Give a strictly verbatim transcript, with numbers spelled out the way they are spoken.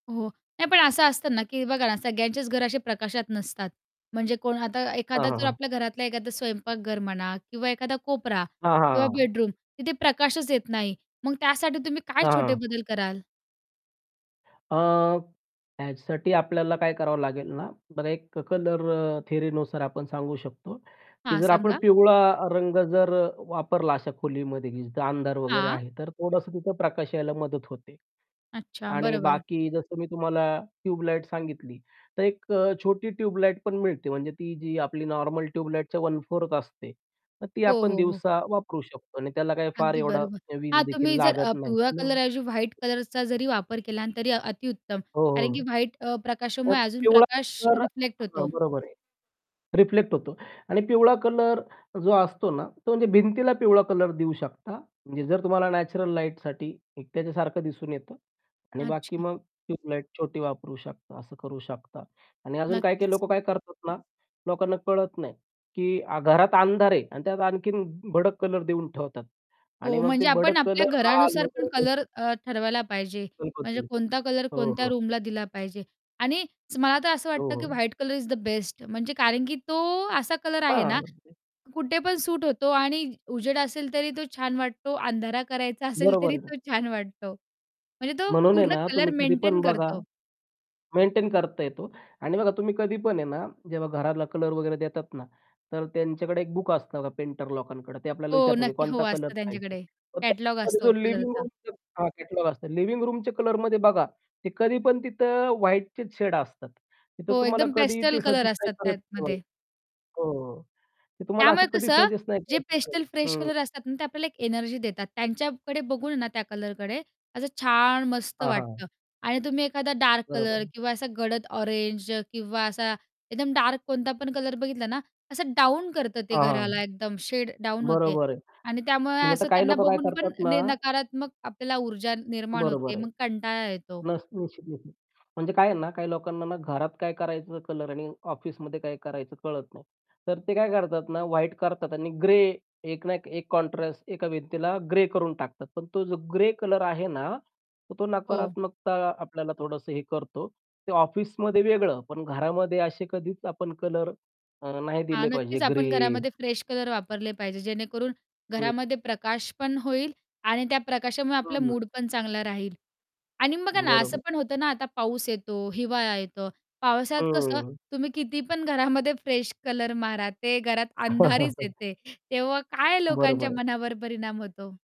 हो. नाही, पण असं असतं ना, की बघा ना, सगळ्यांचेच घर असे प्रकाशात नसतात. म्हणजे कोण आता हां, एखादा हां, जर हां. आपल्या घरातला एखादा स्वयंपाकघर म्हणा किंवा एखादा कोपरा हां, हां, किंवा हां, हां. बेडरूम, तिथे प्रकाशच येत नाही. मग त्यासाठी तुम्ही काय हां, छोटे हां. बदल कराल? अ, ह्याच्यासाठी आपल्याला काय करावं लागेल ना, बरं. एक कलर थियरीनुसार आपण सांगू शक तो, की हां, जर आपण सांगा. पिवळा रंग जर, अ, वापरला अशा खोलीमध्ये, की जिथं अंधार वगैरे हां. आहे, तर थोडंसं तिथं प्रकाश यायला मदत होते. अच्छा, आणि बरोबर. बाकी जसं मी तुम्हाला ट्यूब लाइट सांगितली, तर एक अ, छोटी ट्यूब लाइट पण मिळते. म्हणजे ती जी आपली नॉर्मल ट्यूब लाइटच्या वन फोर्थ असते. तर ती हो, आपण हो, हो. दिवसा वापरू शकतो. आणि त्याला काही फार अगदी एवढी बरोबर. हां, वीजदेखील तुम्ही अ, जर लागत नाही. पिवळा कलरऐवजी व्हाईट [unintelligible] कलरचा जरी वापर केला, तरी अतिउत्तम. हो, कारण की हो. व्हाईट, अ, तर प्रकाशामुळे अजून तेवढा प्रकाश जर रिफ्लेक्ट हां, होतो. बरोबर आहे. रिफ्लेक्ट होतो. आणि पिवळा कलर जो असतो ना, तो म्हणजे भिंतीला पिवळा कलर देऊ शकता. म्हणजे जर तुम्हाला नॅचरल लाईटसाठी एकट्यासारखं दिसून येतं आणि बाकी अच्छा. मग ट्यूब लाइट छोटी वापरू शकता, असं करू शकता. आणि अजून काही-काही नक्कीच. लोक काय करतात ना, लोकांना कळत नाही, की घरात अंधार आहे आणि त्यात आणखीन भडक कलर देऊन ठेवतात. आणि हो. मग ते म्हणजे आपण भडक आपल्या कलर लाल घरानुसार पण वगैरे ते कलर, अ, ठरवायला पाहिजे. म्हणजे [unintelligible] कोणता कलर हो, कोणत्या हो. रूमला दिला पाहिजे. आणि मला तर असं हो, वाटतं, की हो. White colour is the best, म्हणजे कारण की तो असा कलर आहे हां. ना, [unintelligible] कुठे पण सूट होतो आणि उजेड असेल तरी तो छान वाटतो, अंधारा करायचा असेल बरोबर तरी आहे ना. तो छान वाटतो. म्हणजे तो म्हणून आहे पूर्ण ना, कलर तुम्ही कधी मेंटेन पण बघा करतो. मेंटेन करता येतो. आणि बघा, तुम्ही कधी पण आहे ना, जेव्हा घराला कलर वगैरे देतात ना, तर त्यांच्याकडे एक बुक असतं पेंटर लोकांकडं. ते आपल्याला हो, विचारतात, की नक्की. हो, "कोणता कलर असतं पाहिजे." त्यांच्याकडे तर कलरचा कॅटलॉग त्याच्यामध्ये असतो जो लिव्हिंग कलरचा. रूम हां, कॅटलॉग असतो. लिव्हिंग रूमचे कलरमध्ये बघा, ते कधी पण तिथं व्हाईटचेच शेड असतात. तिथं हो, तुम्हाला एकदम कधीही पेस्टल ते कलर सजेस्ट नाही असतात करत. [unintelligible] हो, त्यातमध्ये. हो. ते तुम्हाला त्यामुळे असं कधी कसं सजेस्ट नाही जे करत [unintelligible] पेस्टल फ्रेश हं. कलर असतात ना, ते आपल्याला एक एनर्जी देतात. त्यांच्याकडे बघून ना, त्या कलरकडे असं छान, मस्त हां, हां. वाटतं. आणि तुम्ही एखादा डार्क बरोबर कलर आहे. किंवा असा गडद ऑरेंज किंवा असा एकदम डार्क कोणता पण कलर बघितला ना, असं डाऊन करतं. ते हां, हां, घराला एकदम शेड डाऊन होते बरोबर आहे. आणि त्यामुळे म्हणजे आता असं काही त्यांना लोकं काय बघून पण करतात ना न नकारात्मक आपल्याला ऊर्जा ने निर्माण बरोबर होते. आहे. मग कंटाळा येतो. [unintelligible] म्हणजे काय आहे ना, काही लोकांना ना घरात काय करायचं कलर आणि ऑफिसमध्ये काय करायचं कळत नाही. तर ते काय करतात ना, व्हाईट करतात आणि ग्रे, एक ना एक एक कॉन्ट्रास्ट एका भिंतीला ग्रे करून टाकतात. पण तो जो ग्रे कलर आहे ना, तर तो हो. नकारात्मकता आपल्याला थोडंसं हे करतो. ते ऑफिसमध्ये वेगळं, पण घरामध्ये असे कधीच आपण कलर अ, नाही हां, दिले पाहिजे. नक्कीच. आपण ग्रे घरामध्ये फ्रेश कलर वापरले पाहिजे, जेणेकरून हं. घरामध्ये प्रकाश पण होईल आणि त्या प्रकाशामुळे हं, आपलं हं. मूड पण चांगलं राहील. आणि बघा ना, असं बरोबर. पण होतं ना, आता पाऊस येतो, हिवाळा येतो. पावसात कसं, हम्म. तुम्ही किती पण घरामध्ये फ्रेश कलर मारा, ते घरात अंधारीच येते. तेव्हा काय बरं, लोकांच्या बरं. मनावर परिणाम होतो?